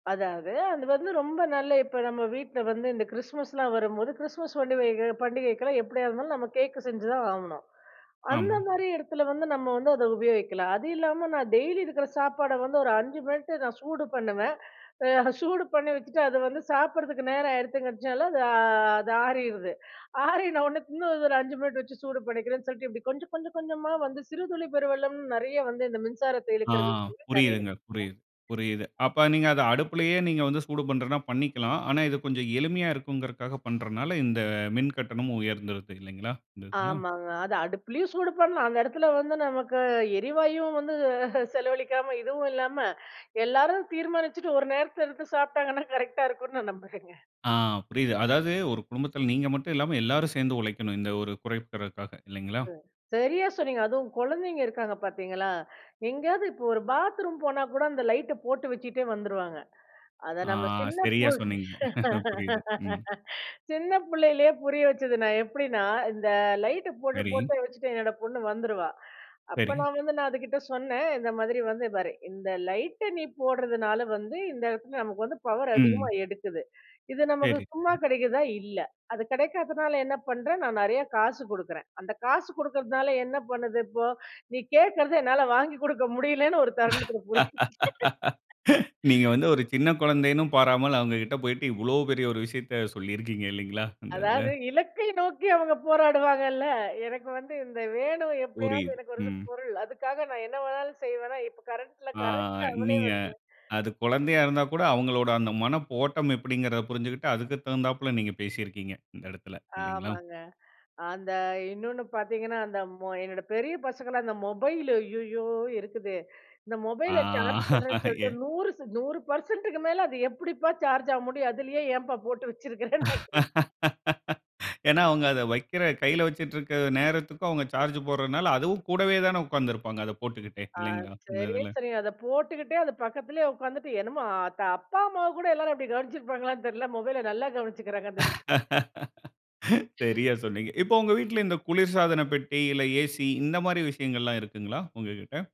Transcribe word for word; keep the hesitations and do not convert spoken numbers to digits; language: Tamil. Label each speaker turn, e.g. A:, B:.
A: அதாவது, அது வந்து ரொம்ப நல்ல இப்ப நம்ம வீட்ல வந்து இந்த கிறிஸ்மஸ்லாம் வரும்போது, கிறிஸ்மஸ் பண்டிக பண்டிகைக்கெல்லாம் எப்டியா இருந்தாலும் நம்ம கேக் செஞ்சு தான் ஆகணும்.
B: ஆம்.
A: அந்த மாரி இடத்துல வந்து நம்ம வந்து அத உபயோகிக்கலாம். அது இல்லாம, நான் டெய்லி இருக்கற சாப்பாட வந்து ஒரு அஞ்சு மினிட் நான் சூடு பண்ணவேன். ஆ சூடு பண்ணி வச்சுட்டு, அத வந்து சாப்பிடறதுக்கு நேரம் ஆயிடுதுங்கச்சனால அது அது ஆறிருது. ஆறினோன இன்னும் ஒரு அஞ்சு மினிட் வச்சு சூடு பண்ணிக்கிறேன்னு சொல்ட்டு, இப்டி கொஞ்சம் கொஞ்சம் கொஞ்சமா வந்து "சிறுதுளி பெருவெள்ளம்" நெறைய வந்து இந்த மின்சாரத்த
B: ஆ
A: இழுக்கிற [unintelligible] நெறைய
B: புரியுதுங்க,
A: இருக்குங்க.
B: புரியுது, புரியுது. அப்ப நீங்க அத அடுப்புயலே நீங்க வந்து சூடு பண்றதுனா பண்ணிக்கலாம். ஆனா, இது கொஞ்சம் எளிமையா இருக்குங்கிறக்காக பண்றனாள, இந்த மின்கட்டணம் உயர்ந்துருது இல்லைங்களா? இந்த இதுல,
A: ஆமாங்க. அத அடுப்பிலயும் சூடு பண்ணலாம். அந்த இடத்துல வந்து நமக்கு எரிவாயுவும் வந்து செலவழிக்காம, இதுவும் இல்லாம எல்லாரும் தீர்மானிச்சுட்டு ஒரு நேரத்தில எடுத்து சாப்பிட்டாங்கன்னா, கரெக்ட்டா இருக்கும்னு நான் நம்புறேங்க.
B: ஆ புரியுது. அதாவது, ஒரு குடும்பத்தில நீங்க மட்டும் இல்லாம எல்லாரும் சேர்ந்து உழைக்கணும். இந்த ஒரு குறைக்கிறக்காக இல்லைங்களா?
A: அ சரியா சொன்னீங்க. அதுவும் குழந்தைங்க இருக்காங்க பார்த்தீங்களா, எங்கேயாவது இப்போ ஒரு பாத்ரூம் போனா கூட அந்த லைட்ட போட்டு வச்சிட்டே வந்துருவாங்க. அத
B: ஆ
A: நம்ம சின்ன
B: சரியா
A: பொண்ணு-
B: சொன்னீங்க. புரியுது. ம்.
A: சின்ன புள்ளையிலே புரிய வச்சது நான் எப்டின்னா, அ இந்த லைட் போட்டு
B: சரி.
A: போட்டு வச்சுட்டு என்னோட பொண்ணு வந்துருவா. அப்ப
B: சரி.
A: நான் வந்து நான் அதுகிட்ட சொன்னேன். இந்த மாதிரி வந்து, பாரு இந்த லைட்ட நீ போடுறதுனால வந்து இந்த இடத்துல நமக்கு வந்து பவர் அதிகமா
B: ம்.
A: எடுக்குது. இது நமக்கு
B: சரி,
A: சும்மா
B: ம்.
A: கெடைக்குதா இல்ல. அது கெடைக்காதனால என்ன பண்றேன், நான் நெறையா காசு குடுக்குறேன். அந்த காசு குடுக்குறதுனால, என்ன பண்ணுது இப்போ, நீ கேட்கிறது என்னால வாங்கிக் குடுக்க முடியலன்னு ஒரு தருணத்தில புரிய
B: நீங்க
A: வச்சு
B: வந்து, ஒரு சின்ன குழந்தைன்னு பாராமல், அவங்ககிட்ட போய்ட்டு இவ்வளோ பெரிய ஒரு விஷயத்த சொல்லி இருக்கீங்க இல்லைங்களா? அந்த
A: அதாவது,
B: இதில.
A: இலக்கை நோக்கி அவங்க போராடுவாங்கள்ல, எனக்கு வந்து இந்த வேணும் எப்டியாவது
B: புரியுது
A: எனக்கு வருது
B: ம்.
A: பொருள் அதுக்காக நான் என்ன வேணாலும் செய்வேனா, இப்ப கரண்ட்ல
B: ஆ
A: கரெக்ட் அவளே
B: நீங்க
A: வந்து
B: அது குழந்தையா இருந்தா கூட, அவங்களோட அந்த மனப்போட்டம் எப்டிங்குறத புரிஞ்சுக்குட்டு அதுக்கு தகுந்தாப்ல நீங்க பேசிருக்கிறீங்க. இந்த இடத்தில இல்லைங்களா?
A: ஆமாங்க, அந்த இன்னொன்னு பார்த்தீங்கன்னா, அந்த மொ என்னோட பெரிய பசங்கலாம், அந்த மொபைலு ஐயயோ இருக்குதே! இந்த
B: ஆ
A: மொபைல சார்ஜ் பண்ணுறேன்னு சொல்ட்டு
B: ஏ
A: நூறு நூறு பெர்சன்ட்க்கு மேல அது எப்டிப்பா சார்ஜ் ஆக முடியும். அதுலேயே ஏன்பா போட்டு வச்சிருக்கிறேன்னு நான் கேட்டேன்.
B: ஏனா, அவங்க அத வைக்கிற கையில வச்சுட்டுருக்க நேரத்துக்கும், அவங்க சார்ஜ் போடுறனால அதுவும் கூடவே தான உட்கார்ந்துருப்பாங்க. அத போட்டுக்கிட்டே
A: ஆ,
B: இல்லைங்களா? இந்த
A: சரி,
B: இதுல.
A: சரிங்க. அத போட்டுக்கிட்டே அது பக்கத்திலே உட்காந்துட்டு. என்னமோ ஆ த அப்பா, அம்மாவ கூட எல்லாரும் அப்டி கவனிச்சிருப்பாங்களான்னு தெரில, மொபைல நல்லா கவனிச்சுக்கிறாங்க. அந்த விஷய
B: சரியா சொன்னீங்க. இப்போ உங்க வீட்ல இந்த குளிர்சாதன பெட்டி இல்ல, ஏசி இந்த மாரி விஷயங்கள்லாம் இருக்குங்களா? உங்ககிட்ட.